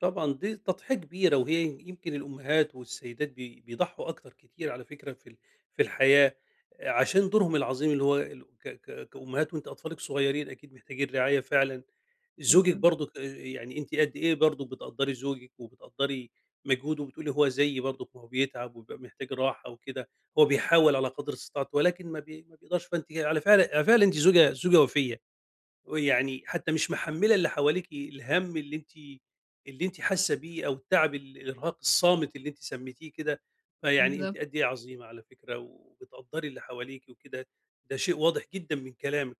طبعًا دي تضحية كبيرة، وهي يمكن الأمهات والسيدات بي بيضحوا أكتر كتير على فكرة في ال في الحياة، آآ، عشان دورهم العظيم اللي هو الو ك ك كأمهات. وأنتِ أطفالِك صغيّرين، أكيد محتاجين رعاية فعلًا. زوجِك بالضب برضُك، آآ، يعني أنتِ قد إيه برضه بتقدّري زوجِك وبتقدّري مجهوده، وبتقولي هو زيي برضُك، ما هو بيتعب ويبقى محتاج راحة وكده، هو بيحاول على قدْر استطاعته، ولكن ما بي ما بيقدرش. فأنتِ ي على فعل على فعل، أنتِ زوجة زوجة وفيّة، ويعني حتى مش محملة اللي حواليكِ الهَم اللي أنتِ اللي أنتِ حاسة بيه أو التعب، الإرهاق الصامت اللي أنتِ سميتِيه كده. فيعني أنتِ بالضبط. قد إيه عظيمة على فكرة، وبتقدّري اللي حواليكِ وكده، ده شيء واضح جدًا من كلامِك.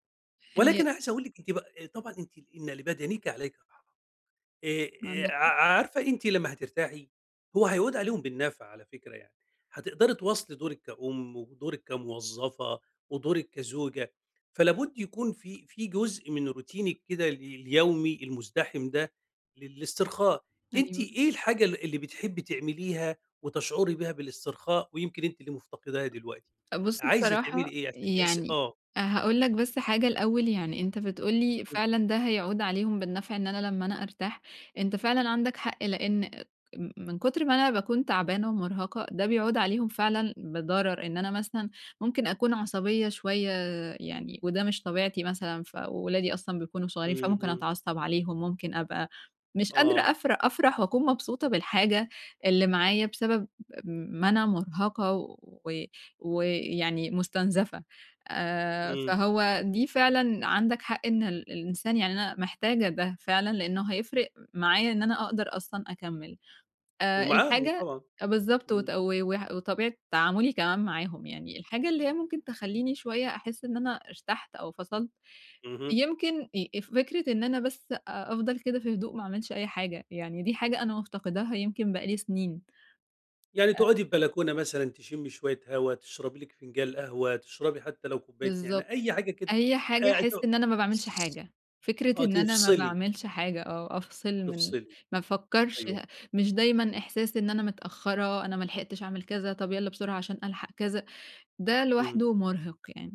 هي ولكن أنا عايز أقول لِك، أنتِ بق طبعًا أنتِ لإن لبدنِك عليك [unintelligible] آآ، آآ، عندك ع حق. عارفة أنتِ لمّا هترتاحي، هو هيعود عليهم بالنفع على فكرة يعني. هتقدري تواصلي دورِك كأُم، ودورِك كموظفة، ودورِك كزوجة. فلا بد يكون في في جزء من روتينِك كده ال اليومي المزدحم ده للاسترخاء. أنتِ أيوه. إيه الحاجة اللي اللي بتحبي تعمليها وتشعري بيها بالاسترخاء، ويمكن أنتِ اللي مفتقداها دلوقتي؟ بُص، عايزة تعملي بصراحة إيه عشان تحسّي يعني آه. هاقول لك بس حاجة الأول، يعني أنت بتقول لي إمم. فعلًا ده هيعود عليهم بالنفع، إن أنا لمّا أنا أرتاح. أنت فعلًا عندك حق، لإن آآ، م من كتر ما أنا باكون تعبانة ومرهقة، ده بيعود عليهم فعلًا بضرر، إن أنا مثلًا ممكن أكون عصبية شوية، يعني وده مش طبيعتي مثلًا. فولادي أصلًا بيكونوا صغيّرين، فممكن اهم. أتعصب عليهم، ممكن أبقى مش قادرة آه. أفر أفرح وأكون مبسوطة بالحاجة اللي معايّا بسبب م ما أنا مرهقة و ويعني مستنزفة. آآ، إمم. فهو دي فعلًا عندك حق، إن ال الإنسان يعني أنا محتاجة ده فعلًا، لإنه هيفرق معايا إن أنا أقدر أصلًا أكمل، آآ، ومعاهم الحاجة طبعًا. بالضبط، إمم. وت و وح وطبيعة تعاملي كمان معاهم. يعني الحاجة اللي هي ممكن تخلّيني شوية أحس إن أنا ارتحت أو فصلت، اهم. يمكن آآ، فكرة إن أنا بس أ أفضل كده في هدوء، ما أعملش أي حاجة، يعني دي حاجة أنا مفتقداها يمكن بقى لي سنين. يعني أ تقعُدي في بلكونة مثلًا، تشمي شوية هوا، تشربي لِك فنجال قهوة، تشربي حتى لو كوباية نعنا بالضبط، أي حاجة كده أي حاجة أ احس تو إن أنا ما باعملش ص حاجة. فكرة آه، إن أنا ما تفصلي. باعملش حاجة، آه، أفصل من تفصلي، ما افكّرش أيوه. ه مش دايمًا إحساس إن أنا متأخرة، أنا ملحقتش أعمل كذا، طب، يالّا بسرعة عشان ألحق كذا. ده إمم. لوحده مرهق يعني.